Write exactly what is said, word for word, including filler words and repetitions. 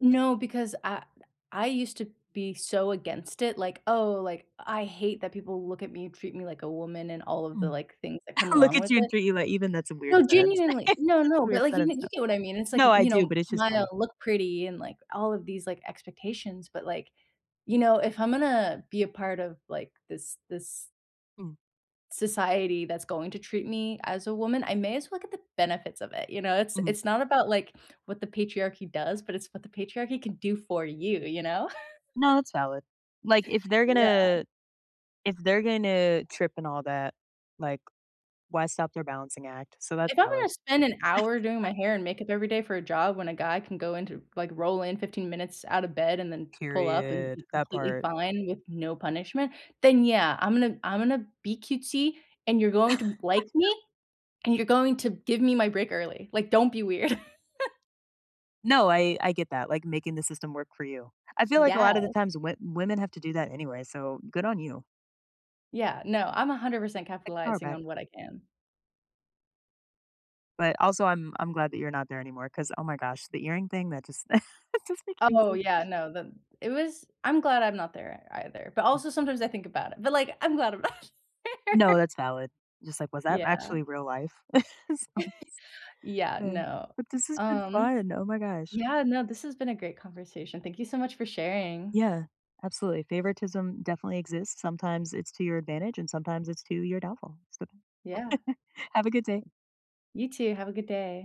No, because I I used to be so against it, like, "Oh" like, "...I hate that people look at me, treat me like a woman" and all of the, Mm. like, things that come Look along at with you and it. treat you like even that's a weird No, sentence. genuinely. No It's a no, but, weird like, you sentence, though. you get what I mean, it's like, No, y I you do, know, but it's just smile, funny. look pretty, and, like, all of these, like, expectations. But like, you know, if I'm gonna be a part of, like, this this Mhm. society that's going to treat me as a woman, I may as well get the benefits of it, you know, it's Mhm. it's not about like, what the patriarchy does, but it's what the patriarchy can do for you, you know? No, that's valid. Like, if they're Yeah. gonna if they're gonna trip and all that, like, why stop their balancing act? So that's If I'm valid. gonna spend an hour doing my hair and makeup every day for a job when a guy can go into like, roll in fifteen minutes out of bed and then pull up and Period, be that completely part. fine with no punishment, then, yeah, I'm gonna I'm gonna be cutesy, and you're going to n like me, and you're going to give me my break early. Like, don't be weird. No, I I get that, like, making the system work for you. I feel like a lotta the Yeah. times wo women have to do that anyway, so good on you. Yeah, no, I'm a hundred percent Take the power capitalizing back. on what I can. But, also, I'm I'm glad that you're not there anymore, 'cause, oh my gosh, the earring thing, that just it just, [unintelligible] crazy. Oh, yeah, no, the it was I'm glad I'm not there e either, but Mm. also sometimes I think about it, but like, I'm glad I'm not there. No, that's valid. Just like, "Was that Yeah. actually real life?" So Yeah, Eh, no, but this has been um, fun, oh my gosh. yeah, no, this has been a great conversation, thank you so much for sharing. Yeah. Absolutely, favoritism definitely exists, sometimes it's to your advantage, and sometimes it's to your downfall, so. Yeah. Have a good day. You too, have a good day.